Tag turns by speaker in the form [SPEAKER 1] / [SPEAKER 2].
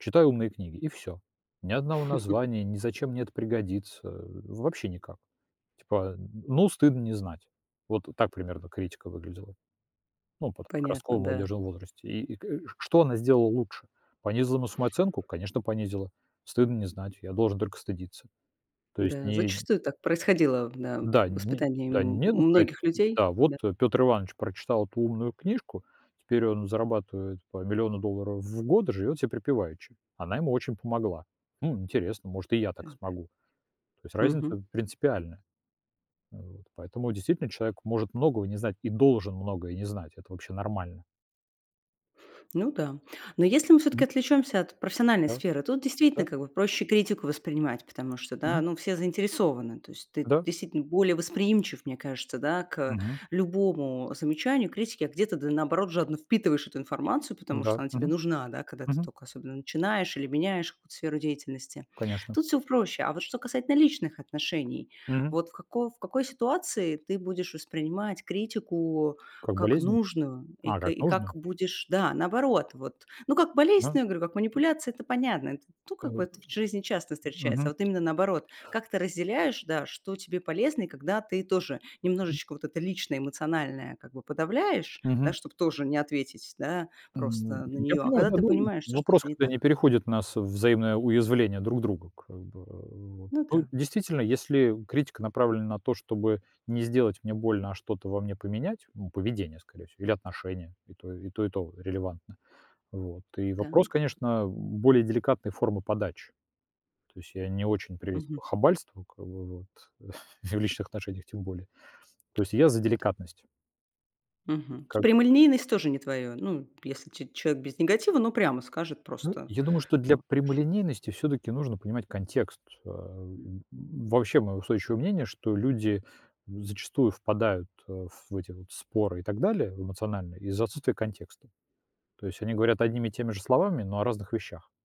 [SPEAKER 1] Читай умные книги и всё, ни одного названия, ни зачем мне это пригодится, э, вообще никак, типа, а, м: ну, стыдно не знать. Вот так примерно критика выглядела, ну под, как
[SPEAKER 2] Понятно,
[SPEAKER 1] раскол в
[SPEAKER 2] да.
[SPEAKER 1] молодёжном возрасте, и и к э, что она сделала лучше? Понизила на самооценку? Конечно, понизила, стыдно не знать, я должен только стыдиться. То есть
[SPEAKER 2] Да,
[SPEAKER 1] не и
[SPEAKER 2] зачастую так происходило в да,
[SPEAKER 1] Да,
[SPEAKER 2] в
[SPEAKER 1] не
[SPEAKER 2] воспитании
[SPEAKER 1] да,
[SPEAKER 2] м
[SPEAKER 1] нет бы сказать,
[SPEAKER 2] многих людей,
[SPEAKER 1] да: вот,
[SPEAKER 2] да.
[SPEAKER 1] э, Пётр Иванович прочитал эту умную книжку, теперь он зарабатывает по миллиону долларов в год, и живёт себе припеваючи, она ему очень помогла. Хм, интересно, может и я так
[SPEAKER 2] Так.
[SPEAKER 1] смогу. То есть разница
[SPEAKER 2] Мгм.
[SPEAKER 1] в принципиальная. А вот. Поэтому, действительно, человек может многого не знать и должен многое не знать, это вообще нормально.
[SPEAKER 2] Ну да. Но если мы всё-таки
[SPEAKER 1] Мгм.
[SPEAKER 2] отвлечёмся от профессиональной
[SPEAKER 1] Да.
[SPEAKER 2] сферы, тут действительно
[SPEAKER 1] Да.
[SPEAKER 2] как бы проще критику воспринимать, потому что, да,
[SPEAKER 1] Мгм.
[SPEAKER 2] ну, все заинтересованы, то есть ты
[SPEAKER 1] Да.
[SPEAKER 2] действительно более восприимчив, мне кажется, да, к
[SPEAKER 1] Мгм.
[SPEAKER 2] любому, э, замечанию, критике, а где-то ты наоборот жадно впитываешь эту информацию, потому
[SPEAKER 1] М-да.
[SPEAKER 2] что она тебе
[SPEAKER 1] Мгм.
[SPEAKER 2] нужна, да, когда ты
[SPEAKER 1] Мгм.
[SPEAKER 2] тока особенно начинаешь или меняешь какую-то сферу деятельности.
[SPEAKER 1] Конечно.
[SPEAKER 2] Тут всё в проще. А вот что касательно личных отношений,
[SPEAKER 1] Мгм.
[SPEAKER 2] вот в какой в какой ситуации ты будешь воспринимать критику
[SPEAKER 1] Как
[SPEAKER 2] как
[SPEAKER 1] болезненно?
[SPEAKER 2] нужную и
[SPEAKER 1] А
[SPEAKER 2] кэ
[SPEAKER 1] как
[SPEAKER 2] и как
[SPEAKER 1] нужно?
[SPEAKER 2] будешь, да, наоборот, вот ну, как болезнь,
[SPEAKER 1] Ага,
[SPEAKER 2] я говорю, как
[SPEAKER 1] м.
[SPEAKER 2] манипуляция это понятно. Это ту как бы
[SPEAKER 1] Ам.
[SPEAKER 2] это в жизни часто встречается.
[SPEAKER 1] Мгм.
[SPEAKER 2] А, вот именно наоборот, как ты разделяешь, да, что тебе полезно, и когда ты тоже
[SPEAKER 1] Мгм.
[SPEAKER 2] немножечко вот это личное эмоциональное как бы подавляешь, да,
[SPEAKER 1] Мгм.
[SPEAKER 2] чтоб тоже не ответить, да,
[SPEAKER 1] М,
[SPEAKER 2] просто на
[SPEAKER 1] я
[SPEAKER 2] неё. А
[SPEAKER 1] понимаю,
[SPEAKER 2] когда
[SPEAKER 1] да,
[SPEAKER 2] ты
[SPEAKER 1] ну
[SPEAKER 2] понимаешь,
[SPEAKER 1] в
[SPEAKER 2] что
[SPEAKER 1] вопрос
[SPEAKER 2] что-то не
[SPEAKER 1] когда не
[SPEAKER 2] так.
[SPEAKER 1] переходит нас во взаимное уязвление друг друга как бы вот.
[SPEAKER 2] Ну
[SPEAKER 1] Ну,
[SPEAKER 2] да.
[SPEAKER 1] действительно, если критика направлена на то, чтобы не сделать мне больно, а что-то во мне поменять, м, поведение скорее всего или отношения, и то, и то и то релевантно, вот. И вопрос,
[SPEAKER 2] Так.
[SPEAKER 1] конечно, в более деликатной формы подачи, то есть я не очень
[SPEAKER 2] Мгм.
[SPEAKER 1] приветствую хабальство как бы, вот. И. В личных отношениях тем более, то есть я за деликатность. М,
[SPEAKER 2] Мгм.
[SPEAKER 1] как.
[SPEAKER 2] Прямолинейность тоже не твоё. Ну, если ч человек без негатива, но прямо скажет
[SPEAKER 1] Ну,
[SPEAKER 2] просто,
[SPEAKER 1] я думаю, что для
[SPEAKER 2] вот ш
[SPEAKER 1] прямолинейности всё-таки нужно понимать контекст. Ам, вообще, моё устойчивое мнение, что люди, м, зачастую впадают, а, в эти вот споры и так далее в эмоциональные из-за отсутствия контекста, то есть они говорят одними и теми же словами, но о разных вещах.